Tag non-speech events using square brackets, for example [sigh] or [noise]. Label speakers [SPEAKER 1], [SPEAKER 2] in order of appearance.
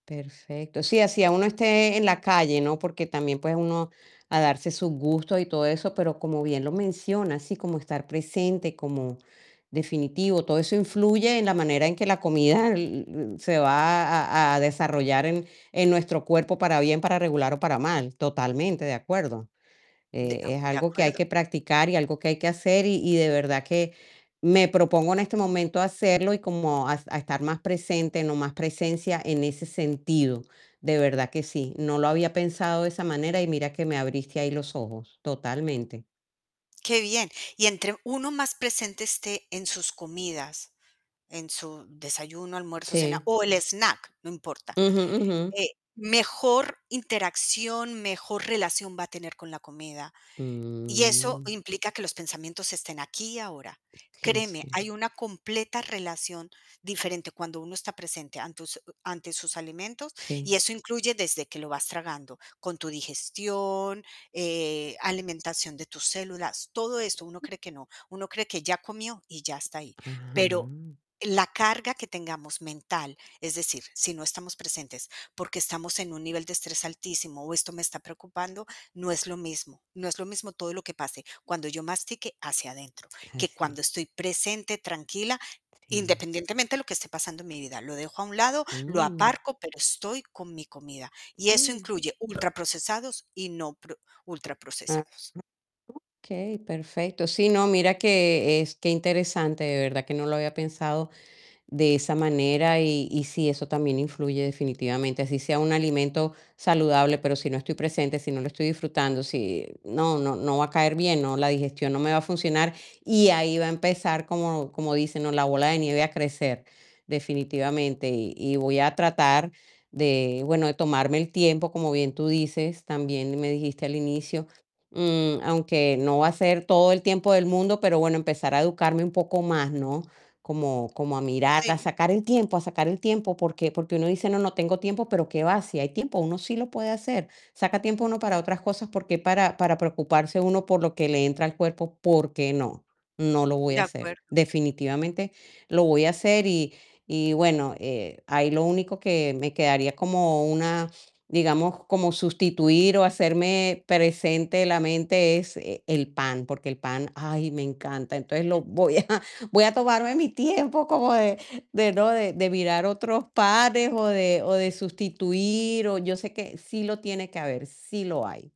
[SPEAKER 1] Perfecto. Sí, así ya uno esté en la calle, ¿no? Porque también, pues, uno a darse sus gustos y todo eso, pero como bien lo mencionas, sí, como estar presente, como definitivo, todo eso influye en la manera en que la comida e-u-e se va a a desarrollar en en nuestro cuerpo, para bien, para regular o para mal, totalmente de acuerdo.
[SPEAKER 2] De a
[SPEAKER 1] Eh, es
[SPEAKER 2] u de
[SPEAKER 1] algo que hay
[SPEAKER 2] acuerdo.
[SPEAKER 1] que practicar y algo que hay que hacer, y y de verdad que me propongo en este momento hacerlo y como a a estar más presente, no más presencia en ese sentido. De verdad que sí, no lo había pensado de esa manera, y mira que me abriste ahí los ojos, totalmente.
[SPEAKER 2] Qué bien. Y entre uno más presente esté en sus comidas, en su desayuno, almuerzo, cena,
[SPEAKER 1] Sí.
[SPEAKER 2] o el snack, no importa,
[SPEAKER 1] Ujú, ujú.
[SPEAKER 2] eh, mejor interacción, mejor relación va a tener con la comida. Y eso
[SPEAKER 1] Mm.
[SPEAKER 2] implica que los pensamientos estén aquí y ahora.
[SPEAKER 1] Sí, así
[SPEAKER 2] Créeme,
[SPEAKER 1] es.
[SPEAKER 2] hay una completa relación diferente cuando uno está presente antus ante sus alimentos, y
[SPEAKER 1] Sí.
[SPEAKER 2] eso incluye desde que lo vas tragando, con tu digestión, eh alimentación de tus células, todo esto uno cree que no. Uno cree que ya comió y ya está ahí. Pero
[SPEAKER 1] Ajá.
[SPEAKER 2] la carga que tengamos mental, es decir, si no estamos presentes porque estamos en un nivel de estrés altísimo o esto me está preocupando, no es lo mismo no es lo mismo todo lo que pase cuando yo mastique hacia adentro,
[SPEAKER 1] Ah,
[SPEAKER 2] que
[SPEAKER 1] sí.
[SPEAKER 2] cuando estoy presente, tranquila,
[SPEAKER 1] Sí.
[SPEAKER 2] independientemente de lo que esté pasando en mi vida, lo dejo a un lado, lo
[SPEAKER 1] Mm.
[SPEAKER 2] aparco, pero estoy con mi comida, y eso
[SPEAKER 1] Mm.
[SPEAKER 2] incluye ultraprocesados y no pro
[SPEAKER 1] [unintelligible]
[SPEAKER 2] ultraprocesados.
[SPEAKER 1] Okey, perfecto. Sí, no, mira que es qué interesante, de verdad que no lo había pensado de esa manera, y y sí, eso también influye definitivamente, así sea un alimento saludable, pero si no estoy presente, si no lo estoy disfrutando, si no no no va a caer bien, no, la digestión no me va a funcionar, y ahí va a empezar como como dicen, ¿no? La bola de nieve a crecer definitivamente, y y voy a tratar de, bueno, de tomarme el tiempo, como bien tú dices, también me dijiste al inicio, mm, aunque no va a ser todo el tiempo del mundo, pero bueno, empezar a educarme un poco más, ¿no? Como como a mirar, a
[SPEAKER 2] Si.
[SPEAKER 1] sacar el tiempo a sacar el tiempo, ¿por qué?, porque uno dice: "No, no tengo tiempo", pero qué va, si hay tiempo, uno sí lo puede hacer, saca tiempo uno para otras cosas, por qué para para preocuparse uno por lo que le entra al cuerpo, ¿por qué no?, no lo voy
[SPEAKER 2] De
[SPEAKER 1] a hacer,
[SPEAKER 2] acuerdo.
[SPEAKER 1] definitivamente lo voy a hacer y y, bueno, eh, ahí lo único que me quedaría como una, digamos, como sustituir o hacerme presente la mente es e el pan, porque el el pan, ay, me encanta, entonces lo voy a voy a tomarme mi tiempo como de de, ¿no? De de mirar otros panes o de o de sustituir, o yo sé que sí lo tiene que haber, sí lo hay.